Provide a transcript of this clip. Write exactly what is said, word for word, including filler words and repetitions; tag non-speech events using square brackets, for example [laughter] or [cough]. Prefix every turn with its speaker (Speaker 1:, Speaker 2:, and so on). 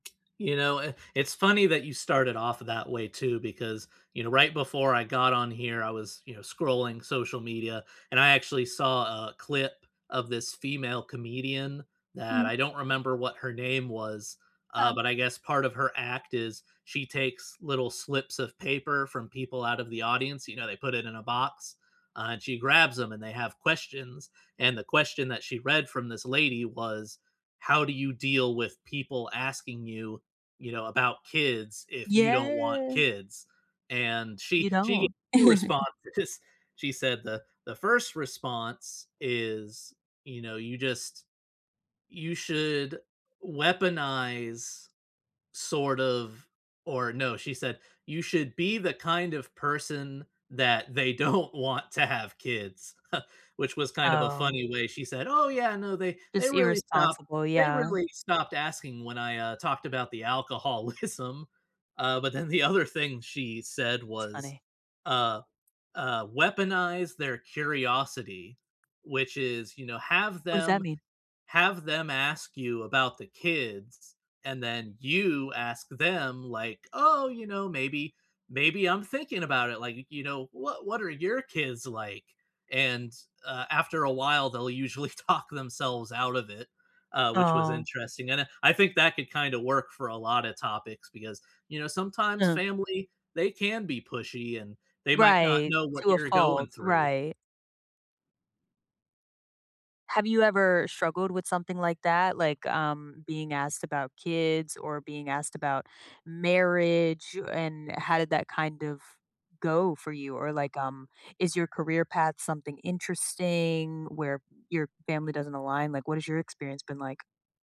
Speaker 1: You know, i it's funny that you started off that way, too, because, you know, right before I got on here, I was, you know, scrolling social media, and I actually saw a clip of this female comedian, that
Speaker 2: Mm.
Speaker 1: I don't remember what her name was, uh,
Speaker 2: Uh.
Speaker 1: but I guess part of her act is she takes little slips of paper from people out of the audience, you know, they put it in a box, uh, and she grabs 'em, and they have questions, and the question that she read from this lady was, "How do you deal with people asking you, you know, about kids, if you don't want
Speaker 2: Yeah.
Speaker 1: kids?" and, she
Speaker 2: You
Speaker 1: she gave
Speaker 2: don't.
Speaker 1: two
Speaker 2: [chuckles]
Speaker 1: responses, 'cause She said the the first response is, you know, you just you should weaponize, sort of or, no, she said, "You should be the kind of person that they don't want to have kids," [chuckles] which was kind of a
Speaker 2: Oh.
Speaker 1: funny way, she said, "Oh, yeah, no, they they
Speaker 2: Just
Speaker 1: really stopped
Speaker 2: irresponsible,
Speaker 1: they
Speaker 2: yeah.
Speaker 1: really stopped asking when I, uh, talked about the alcoholism." Uh, but then, the other thing she said
Speaker 2: That's
Speaker 1: was,
Speaker 2: funny.
Speaker 1: uh uh, "Weaponize their curiosity," which is, you know, have
Speaker 2: What does that
Speaker 1: them
Speaker 2: mean?
Speaker 1: have them ask you about the kids, and then, you ask them, like, 'Oh, you know, maybe maybe I'm thinking about it, like, you you know, what what are your kids like?' and, uh, after a while, they'll usually talk themselves out of it." Uh, which was
Speaker 2: Oh.
Speaker 1: interesting, and, I I think that could kinda work for a lotta topics, because, you know, sometimes
Speaker 2: Uh-huh.
Speaker 1: family, they can be pushy, and they might not
Speaker 2: Right,
Speaker 1: know what
Speaker 2: to a
Speaker 1: you're going
Speaker 2: fault,
Speaker 1: through.
Speaker 2: right. Have you ever struggled with something like that? Like, um, being asked about kids, or being asked about marriage, o and, how did that kind of go for you? Or, like, um, is your career path something interesting where p your family doesn't align? Like, what has your experience been like?